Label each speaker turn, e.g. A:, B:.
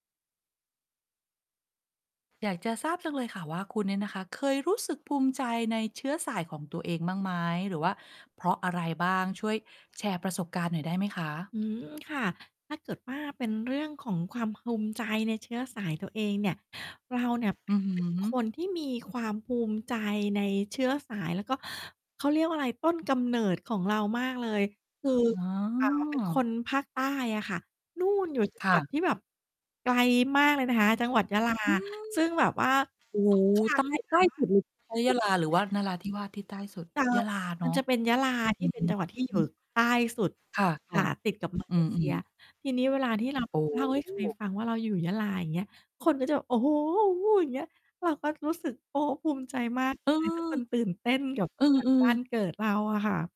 A: อยากจะทราบจังเลยค่ะว่า คุณเนี่ยนะคะ เคยรู้สึกภูมิใจในเชื้อสายของตัวเองบ้างไหม หรือว่าเพราะอะไรบ้าง ช่วยแชร์ประสบการณ์หน่อยได้ไหมคะ?
B: อืม ค่ะ ถ้าเกิดว่า เป็นเรื่องของความภูมิใจในเชื้อสายตัวเองเนี่ย เราเนี่ย เป
A: อ
B: ็
A: ื
B: น
A: อ
B: ห
A: ฮ
B: นึ่ง
A: ึ
B: คนที่มีความภูมิใจในเชื้อสาย แล้วก็ เขาเรียกว่าอะไร ต้นกำเนิดของเรามากเลย คือ
A: อ๋อ
B: ป๋าเป็น คนภาคใต้อะค่ะ นู่น อยู่ จั
A: ค
B: ง
A: ่
B: หวั
A: ะ
B: ดที่แบบไกลมากเลยนะคะ จังหวัดยะลา
A: อืม
B: ซึ่งแบบว่า
A: โอ้โ
B: ทุก
A: ฮ!
B: ครั
A: ใต
B: ้ง
A: ้
B: ที่
A: ใ
B: แ
A: ต
B: บ
A: ้
B: บว่า
A: สุดหลุดไป ยะลาหรือว่านราธิวาสที่ใต้สุด?
B: เออ
A: ยะลาเ
B: ม
A: นา
B: ั
A: ะ
B: นจะเป็นยะลาท
A: อ
B: ี
A: ื
B: ่เป็นจังหวัดที่อยู่
A: ม
B: ใต้สุด
A: ค่
B: ค
A: ะ
B: ่ะ ติดกับ มา
A: ๆ อื
B: เล
A: ม
B: เซีย
A: ๆ
B: ทีนี้เวลาที่ เรา
A: โอ้
B: เล่าให้
A: โ
B: ใคร
A: ฮ
B: ฟังว่าเราอยู่ยะลา อย่างเงี้ย คนก็จะแบบ โอ้โฮ! โอ้! อย่างเงี้ย เราก็รู้สึก โอ้ ภูมิใจมาก เ
A: เ
B: ล
A: ออ
B: ย ทุกคนตื่นเต้นกับ จ
A: อื
B: ังหวัด
A: อ
B: บ้าน
A: ๆ
B: เกิดเราอะค่ะ